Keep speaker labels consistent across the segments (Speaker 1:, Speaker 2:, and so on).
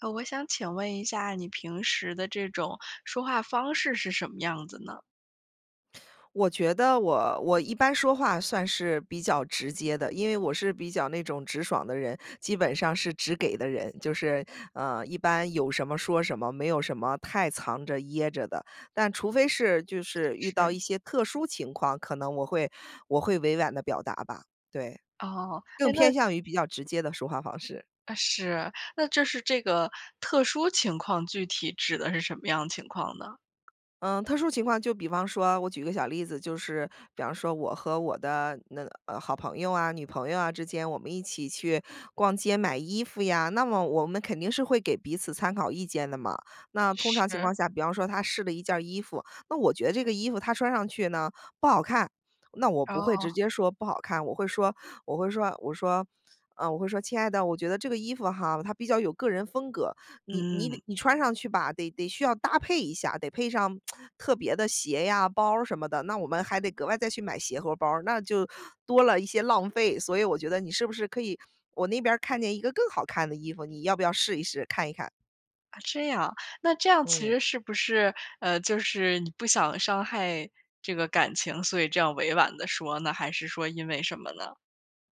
Speaker 1: 哦，我想请问一下你平时的这种说话方式是什么样子呢？
Speaker 2: 我觉得我我一般说话算是比较直接的，因为我是比较那种直爽的人，基本上是直给的人，就是，呃，一般有什么说什么，没有什么太藏着掖着的。但除非是，就是遇到
Speaker 1: 是。
Speaker 2: 一些特殊情况，可能我会我会委婉的表达吧，对。
Speaker 1: 哦。
Speaker 2: 更
Speaker 1: 诶，那
Speaker 2: 偏向于比较直接的说话方式。
Speaker 1: 呃，是，那这是这个特殊情况，具体指的是什么样情况呢？
Speaker 2: 呃，特殊情况就比方说，我举个小例子，就是比方说我和我的那呃，好朋友啊、女朋友啊之间，我们一起去逛街买衣服呀，那么我们肯定是会给彼此参考意见的嘛。那通常情
Speaker 1: 是。
Speaker 2: 况下，比方说她试了一件儿衣服，那我觉得这个衣服她穿上去呢，不好看，那我不会
Speaker 1: 哦。
Speaker 2: 直接说不好看。我会说我会说，我说，呃，我会说：“亲爱的，我觉得这个衣服哈，它比较有个人风格，你你得
Speaker 1: 嗯。
Speaker 2: 你穿上去吧，得得需要搭配一下，得配上 特别的鞋呀、包儿什么的，那我们还得格外再去买鞋和包儿，那就多了一些浪费，所以我觉得你是不是可以我那边儿看见一个更好看的衣服，你要不要试一试、看一看？”
Speaker 1: 啊，这样。那这样其
Speaker 2: 嗯。
Speaker 1: 实是不是，呃，就是你不想伤害这个感情，所以这样委婉地说呢，还是说因为什么呢？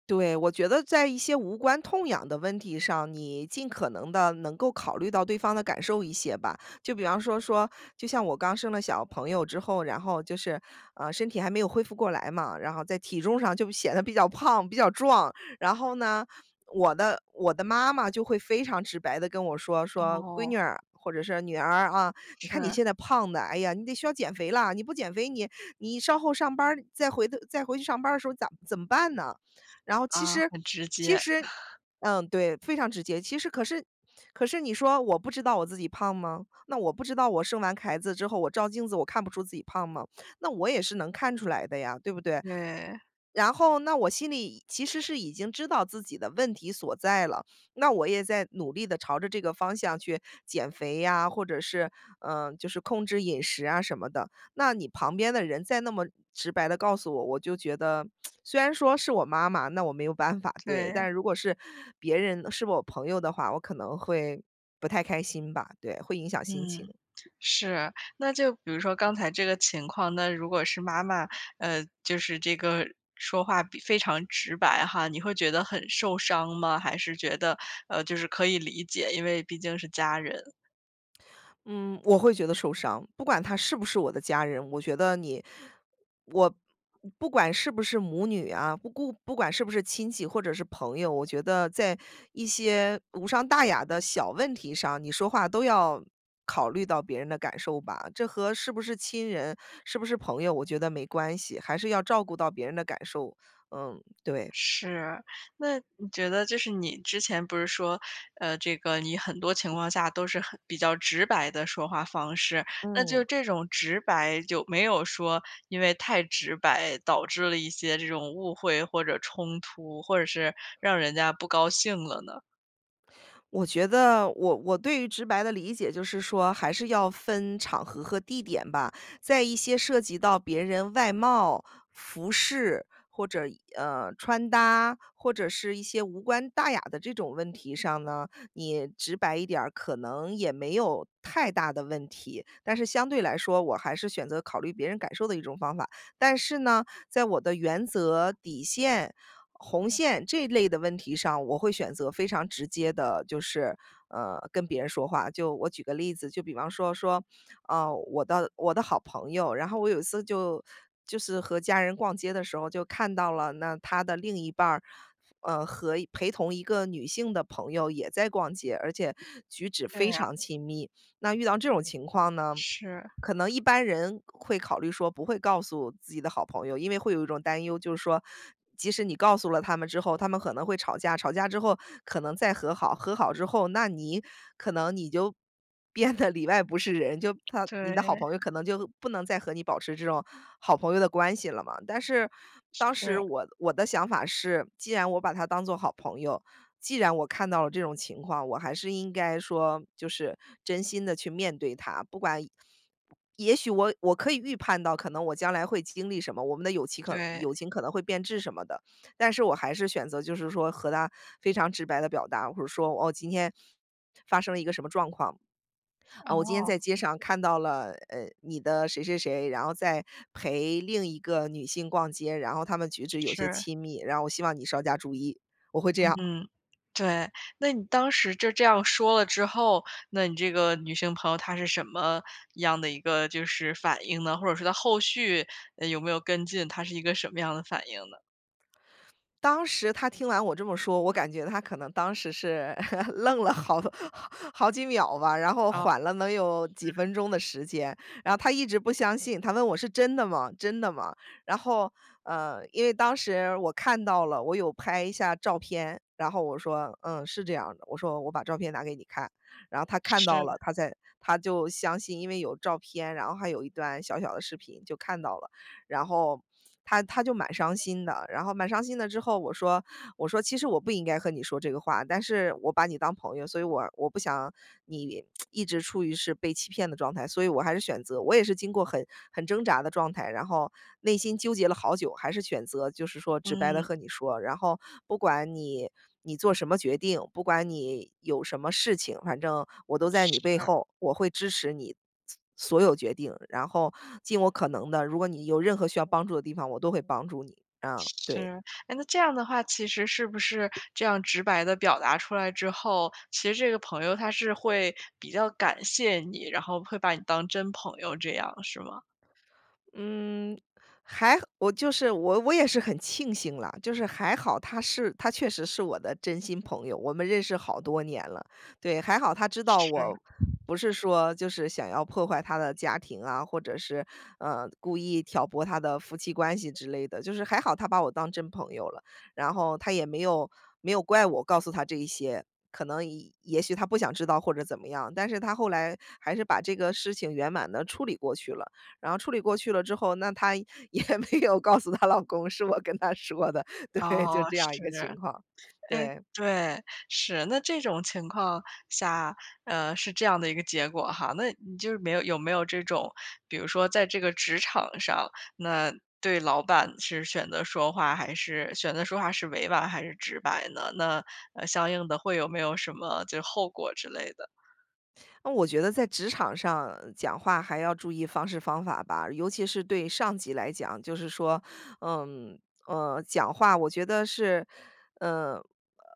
Speaker 2: 对，我觉得在一些无关痛痒的问题上，你尽可能地能够考虑到对方的感受一些吧。就比方说说，就像我刚生了小朋友之后，然后就是，呃，身体还没有恢复过来嘛，然后在体重上就显得比较胖、比较壮。然后呢，我的我的妈妈就会非常直白地跟我说，说：“闺
Speaker 1: 哦。
Speaker 2: 女儿”或者是“女儿啊，你看你
Speaker 1: 是。
Speaker 2: 现在胖得，哎呀，你得需要减肥了。你不减肥，你你稍后上班儿，再回的再回去上班的时候咋怎么办呢？”然后其
Speaker 1: 啊，
Speaker 2: 实
Speaker 1: 很直
Speaker 2: 其
Speaker 1: 接。
Speaker 2: 实 嗯，对，非常直接。其实可是可是你说我不知道我自己胖吗？那我不知道我生完孩子之后，我照镜子我看不出自己胖吗？那我也是能看出来的呀，对不对？
Speaker 1: 对。
Speaker 2: 然后那我心里其实是已经知道自己的问题所在了，那我也在努力地朝着这个方向去减肥呀，或者是，呃，就是控制饮食啊什么的。那你旁边的人，再那么直白地告诉我，我就觉得，虽然说是我妈妈，那我没有办法，对。
Speaker 1: 对。
Speaker 2: 但是如果是别人是我朋友的话，我可能会不太开心吧。对，会影响心情。
Speaker 1: 嗯，是。那就比如说刚才这个情况，那如果是妈妈，呃，就是这个说话比非常直白哈，你会觉得很受伤吗？还是觉得，呃，就是可以理解，因为毕竟是家人？
Speaker 2: 嗯，我会觉得受伤，不管他是不是我的家人，我觉得你我不管是不是母女啊，不顾不管是不是亲戚或者是朋友，我觉得在一些无伤大雅的小问题上，你说话都要考虑到别人的感受吧？这和是不是亲人、是不是朋友，我觉得没关系，还是要照顾到别人的感受，嗯，对。
Speaker 1: 是，那你觉得就是你之前不是说，呃，这个你很多情况下都是很比较直白的说话方式，那就
Speaker 2: 嗯。
Speaker 1: 这种直白，有没有说因为太直白，导致了一些这种误会或者冲突，或者是让人家不高兴了呢？
Speaker 2: 我觉得我我对于直白的理解就是说，还是要分场合和地点吧，在一些涉及到别人外貌、服饰、或者，呃，穿搭或者是一些无关大雅的这种问题上呢，你直白一点儿，可能也没有太大的问题。但是相对来说，我还是选择考虑别人感受的一种方法，但是呢，在我的原则、底线、红线这类的问题上，我会选择非常直接地就是，呃，跟别人说话。就我举个例子，就比方说说，啊，我的我的好朋友，然后我有一次就就是和家人逛街的时候就看到了那她的另一半儿，呃，和陪同一个女性的朋友也在逛街，而且举止
Speaker 1: 是
Speaker 2: 非
Speaker 1: 啊。
Speaker 2: 常亲密。那遇到这种情况呢，
Speaker 1: 是。
Speaker 2: 可能一般人会考虑说不会告诉自己的好朋友，因为会有一种担忧，就是说，即使你告诉了他们之后，他们可能会吵架，吵架之后可能再和好，和好之后，那你可能你就变得里外不是人。就她你的好
Speaker 1: 对。
Speaker 2: 朋友可能就，不能再和你保持这种好朋友的关系了嘛。但是当时
Speaker 1: 是。
Speaker 2: 我我的想法是，既然我把她当作好朋友，既然我看到了这种情况，我还是应该说，就是真心地去面对她，不管也许我我可以预判到可能我将来会经历什么，我们的友情可
Speaker 1: 对。
Speaker 2: 友情可能会变质什么的。但是我还是选择就是说和她非常直白地表达，或者说，哦，今天发生了一个什么状况。啊，我今天
Speaker 1: 哦。
Speaker 2: 在街上看到了，呃，你的谁谁谁，然后在陪另一个女性逛街，然后他们举止有些
Speaker 1: 是。
Speaker 2: 亲密，然后我希望你稍加注意，我会这样。
Speaker 1: 嗯，对，那你当时就这样说了之后，那你这个女性朋友，她是什么样的一个就是反应呢？或者说她后续，嗯，有没有跟进，她是一个什么样的反应呢？
Speaker 2: 当时她听完我这么说，我感觉她可能当时是 愣了好好几秒吧，然后
Speaker 1: 哦，
Speaker 2: 缓
Speaker 1: 嗯。
Speaker 2: 了能有几分钟的时间，然后她一直不相信，她问我：“是真的吗？真的吗？”然后，呃，因为当时我看到了，我有拍一下照片，然后我说：“嗯，是这样的。”我说：“我把照片拿给你看。”然后她看到
Speaker 1: 是。
Speaker 2: 了，她才她就相信，因为有照片，然后还有一段小小的视频，就看到了。然后她她就蛮伤心的，然后蛮伤心的之后，我说，我说：“其实我不应该和你说这个话，但是我把你当朋友，所以我我不想你 一直处于是被欺骗的状态。所以我还是选择我也是经过很很挣扎的状态，然后内心纠结了好久，还是选择就是说直白地
Speaker 1: 嗯。
Speaker 2: 和你说。然后不管你你做什么决定，不管你有什么事情，反正我都在你背
Speaker 1: 是。
Speaker 2: 后，我会支持你所有决定，然后尽我可能的，如果你有任何需要帮助的地方，我都会帮助你。”啊，对。
Speaker 1: 是。诶，那这样的话，其实是不是这样直白地表达出来之后，其实这个朋友她是会比较感谢你，然后会把你当真朋友这样，是吗？
Speaker 2: 嗯。还我就是我我也是很庆幸啦，就是还好她是她确实是我的真心朋友，我们认识好多年了。对，还好她知道我
Speaker 1: 是。
Speaker 2: 不是说，就是想要破坏她的家庭啊，或者是，呃，故意挑拨她的夫妻关系之类的。就是还好她把我当真朋友了，然后她也没有没有怪我告诉她这一些，可能也也许她不想知道或者怎么样。但是她后来还是把这个事情圆满地处理过去了，然后处理过去了之后，那她也没有告诉她老公是我跟她说的，对，就
Speaker 1: 哦，
Speaker 2: 这样一
Speaker 1: 是。
Speaker 2: 个情况，
Speaker 1: 诶，
Speaker 2: 对。
Speaker 1: 对，是，那这种情况下，呃，是这样的一个结果哈。那你就是没有有没有这种，比如说在这个职场上，那对老板是选择说话，还是选择说话是委婉还是直白呢？那，呃，相应的会有没有什么，就是后果之类的？
Speaker 2: 嗯，我觉得在职场上讲话还要注意方式方法吧，尤其是对上级来讲。就是说，呃，呃，讲话我觉得是呃，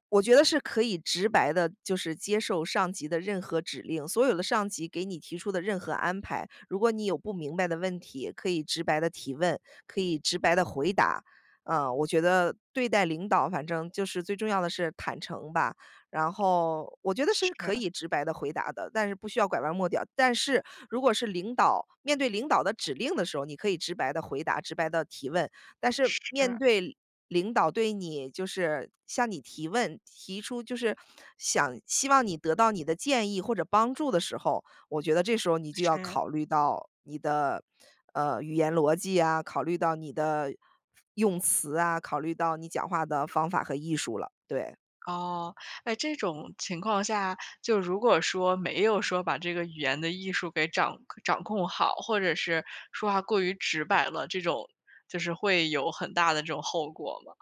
Speaker 2: 我觉得是可以直白地就是接受上级的任何指令。所有的上级给你提出的任何安排，如果你有不明白的问题，可以直白地提问，可以直白地回答。呃，我觉得对待领导，反正就是最重要的是坦诚吧，然后我觉得是
Speaker 1: 是。
Speaker 2: 可以直白地回答的，但是不需要拐弯抹角。但是如果是领导，面对领导的指令的时候，你可以直白地回答，直白地提问。但是面
Speaker 1: 是。
Speaker 2: 对领导对你就是向你提问，提出就是想希望你得到你的建议或者帮助的时候，我觉得这时候你就要
Speaker 1: 是。
Speaker 2: 考虑到你的，呃，语言逻辑啊，考虑到你的用词啊，考虑到你讲话的方法和艺术了，对。
Speaker 1: 哦，诶，这种情况下，就如果说没有说把这个语言的艺术给掌掌控好，或者是说话过于直白了，这种就是会有很大的这种后果吗？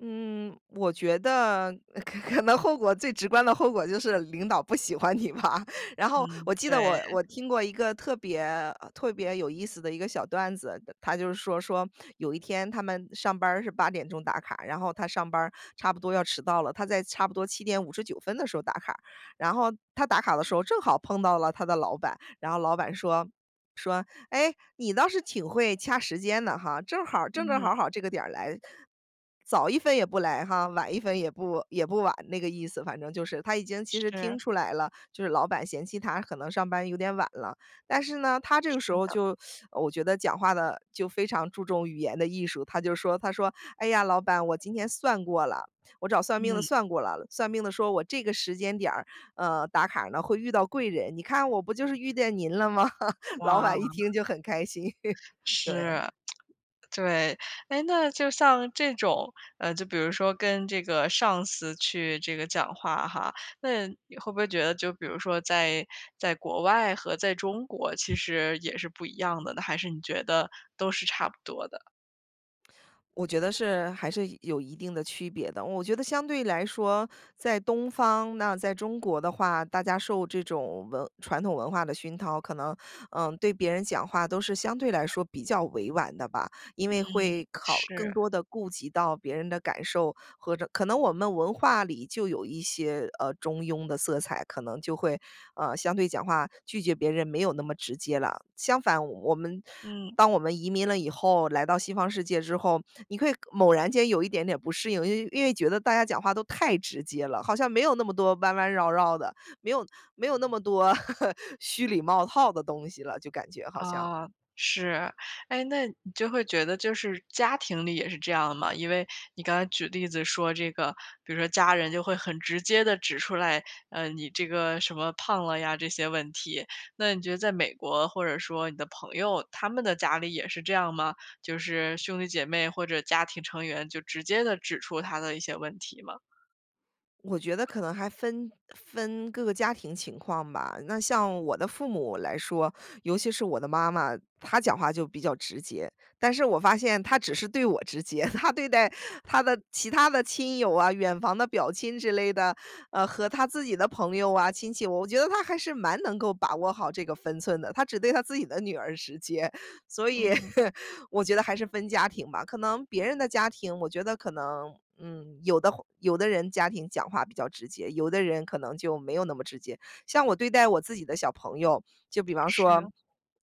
Speaker 2: 嗯，我觉得可可能后果最直观的后果就是领导不喜欢你吧。然后
Speaker 1: 嗯，
Speaker 2: 我记
Speaker 1: 对。
Speaker 2: 得我我听过一个特别，呃，特别有意思的一个小段子，他他就说，说-有一天他们上班儿是8点钟打卡，然后他上班儿差不多要迟到了，他在差不多7:59分的时候打卡，然后他打卡的时候正好碰到了他的老板，然后老板说，说：“哎，你倒是挺会掐时间的哈，正好儿正正
Speaker 1: 嗯。
Speaker 2: 好好这个点儿来，早1分也不来哈，晚1分也不也不晚。”那个意思反正就是，他已经其实听
Speaker 1: 是。
Speaker 2: 出来了，就是老板嫌弃他可能上班有点晚了。但是呢，他这
Speaker 1: 是
Speaker 2: 个时候
Speaker 1: 的。
Speaker 2: 就 我觉得讲话的就非常注重语言的艺术，他就说，他说：“哎呀，老板我今天算过了，我找算命的
Speaker 1: 嗯。
Speaker 2: 算过了，算命的说我这个时间点儿，呃，打卡儿呢，会遇到贵人，你看我不就是遇见您了吗？” 老板一
Speaker 1: 哇。
Speaker 2: 听就很开心，对。
Speaker 1: 是，对，诶，那就像这种，呃，就比如说跟这个上司去这个讲话哈，那你会不会觉得，就比如说在在国外和在中国，其实也是不一样的呢，还是你觉得都是差不多的？
Speaker 2: 我觉得是还是有一定的区别的。我觉得相对来说在东方，那在中国的话，大家受这种文传统文化的熏陶，可能，呃，对别人讲话都是相对来说比较委婉的吧。因
Speaker 1: 嗯，
Speaker 2: 为会考更
Speaker 1: 是。
Speaker 2: 多地顾及到别人的感受，和这可能我们文化里就有一些，呃，中庸的色彩，可能就会，呃，相对讲话拒绝别人没有那么直接了。相反我们
Speaker 1: 嗯。
Speaker 2: 当我们移民了以后，来到西方世界之后，你会猛然间有一点点不适应。因为因为觉得大家讲话都太直接了，好像没有那么多弯弯绕绕的，没有没有那么多 虚里冒套的东西了，就感觉好像。
Speaker 1: 啊，是。诶，那你就会觉得就是家庭里也是这样吗？因为你刚才举例子说这个，比如说家人就会很直接地指出来，呃，你这个什么“胖了呀”这些问题，那你觉得在美国或者说你的朋友，他们的家里也是这样吗？就是兄弟姐妹或者家庭成员，就直接地指出他的一些问题吗？
Speaker 2: 我觉得可能还分分各个家庭情况吧。那像我的父母来说，尤其是我的妈妈，她讲话就比较直接。但是我发现她只是对我直接，她对待她的其他的亲友啊、远房的表亲之类的，呃，和她自己的朋友啊、亲戚，我觉得她还是蛮能够把握好这个分寸的，她只对她自己的女儿直接，所以
Speaker 1: 嗯。
Speaker 2: 我觉得还是分家庭吧。可能别人的家庭，我觉得可能，嗯，有的话有的人家庭讲话比较直接，有的人可能就没有那么直接。像我对待我自己的小朋友，就比方说，
Speaker 1: 是。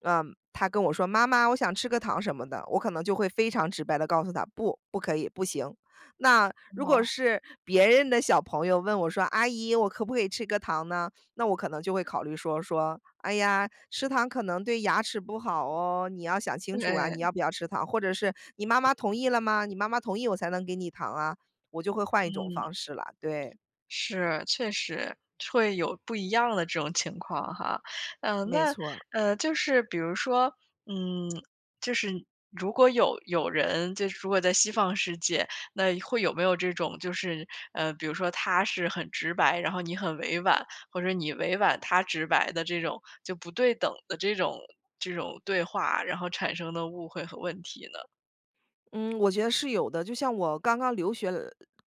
Speaker 2: 呃，他跟我说：“妈妈，我想吃个糖”什么的，我可能就会非常直白地告诉他：“不，不可以，不行。”那如果
Speaker 1: 哦。
Speaker 2: 是别人的小朋友问我说：“阿姨，我可不可以吃个糖呢？”那我可能就会考虑说，说：“哎呀，吃糖可能对牙齿不好哦，你要想清楚啊，你
Speaker 1: 诶。
Speaker 2: 要不要吃糖。”或者是“你妈妈同意了吗？你妈妈同意我才能给你糖啊。”我就会换一
Speaker 1: 嗯，
Speaker 2: 种方式啦，对。
Speaker 1: 是，确实。会有不一样的这种情况哈。嗯，
Speaker 2: 没
Speaker 1: 那
Speaker 2: 错儿。
Speaker 1: 嗯，就是比如说，嗯，就是如果有有人，就是如果在西方世界，那会有没有这种就是，呃，比如说他是很直白，然后你很委婉，或者你委婉，他直白的这种，就不对等的这种这种对话，然后产生的误会和问题呢？
Speaker 2: 嗯，我觉得是有的。就像我刚刚留学来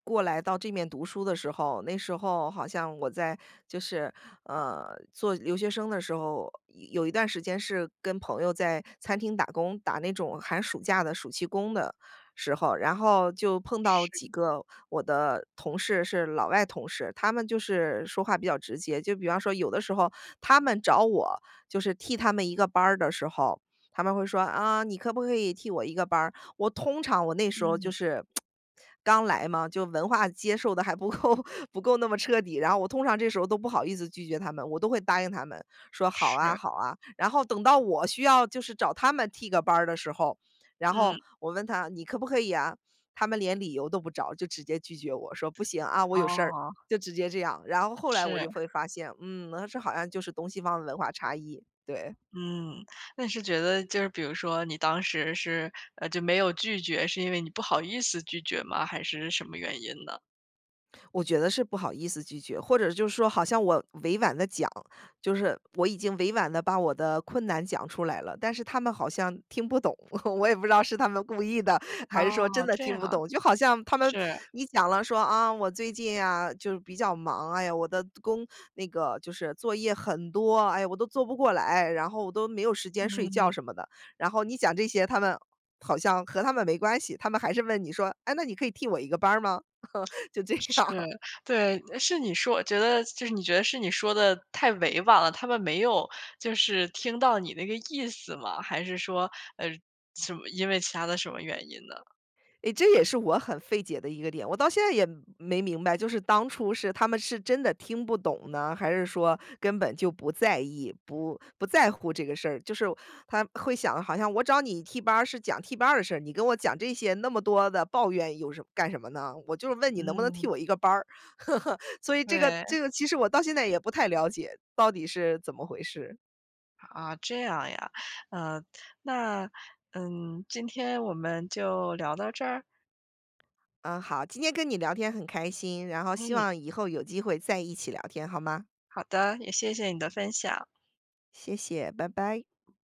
Speaker 2: 过来到这面读书的时候，那时候好像我在，就是，呃，做留学生的时候，一有一段时间是跟朋友在餐厅打工，打那种寒暑假的暑期工的时候。然后就碰到几
Speaker 1: 是。
Speaker 2: 个我的同事是老外同事，他们就是说话比较直接，就比方说有的时候他们找我，就是替他们一个班儿的时候，他们会说：“啊，你可不可以替我一个班儿？”我通常我那时候就
Speaker 1: 嗯。
Speaker 2: 是，刚来嘛，就文化接受得还不够不够那么彻底，然后我通常这时候都不好意思拒绝他们，我都会答应他们，说：“好啊
Speaker 1: 是。
Speaker 2: 好啊”。然后等到我需要就是找他们替个班儿的时候，然后
Speaker 1: 嗯。
Speaker 2: 我问他：“你可不可以啊？”他们连理由都不找，就直接拒绝我，说：“不行，啊，我有事儿”，
Speaker 1: 哦。
Speaker 2: 就直接这样。然后后来我
Speaker 1: 是。
Speaker 2: 就会发现，嗯，那这好像就是东西方文化差异，对。
Speaker 1: 嗯，那是觉得就是比如说你当时是，呃，就没有拒绝，是因为你不好意思拒绝吗？还是什么原因呢？
Speaker 2: 我觉得是不好意思拒绝，或者就是说好像我委婉地讲，就是我已经委婉地把我的困难讲出来了，但是他们好像听不懂。我也不知道是他们故意的，还是说真
Speaker 1: 哦，
Speaker 2: 的
Speaker 1: 这样
Speaker 2: 听不
Speaker 1: 啊，
Speaker 2: 懂。就好像他们
Speaker 1: 是。
Speaker 2: 你讲了说：“啊，我最近啊，就比较忙。哎呀，我的工那个就是作业很多，哎呀，我都做不过来，然后我都没有时间睡觉
Speaker 1: 嗯。
Speaker 2: 什么的。”然后你讲这些，他们好像和他们没关系，他们还是问你说：“哎，那你可以替我一个班儿吗？” 就这
Speaker 1: 是，
Speaker 2: 样。
Speaker 1: 对，呃，是你说我觉得就是你觉得是你说得太委婉了，他们没有就是听到你那个意思吗？还是说，呃，什么因为其他的什么原因呢？
Speaker 2: 诶，这也是我很费解的一个点，我到现在也没没明白，就是当初是他们是真的听不懂呢，还是说根本就不在意，不不在乎这个事儿。就是他会想，好像我找你替班儿，是讲替班儿的事，你跟我讲这些，那么多的抱怨有什么干什么呢？我就是问你能不能替
Speaker 1: 嗯。
Speaker 2: 我一个班儿。所以这个这
Speaker 1: 对。
Speaker 2: 个其实我到现在也不太了解，到底是怎么回事。
Speaker 1: 啊，这样呀。呃，那，嗯，今天我们就聊到这儿？
Speaker 2: 嗯，好。今天跟你聊天很开心，然后希
Speaker 1: 嗯。
Speaker 2: 望以后有机会再一起聊天，好吗？
Speaker 1: 好的，也谢谢你的分享。
Speaker 2: 谢谢，拜拜。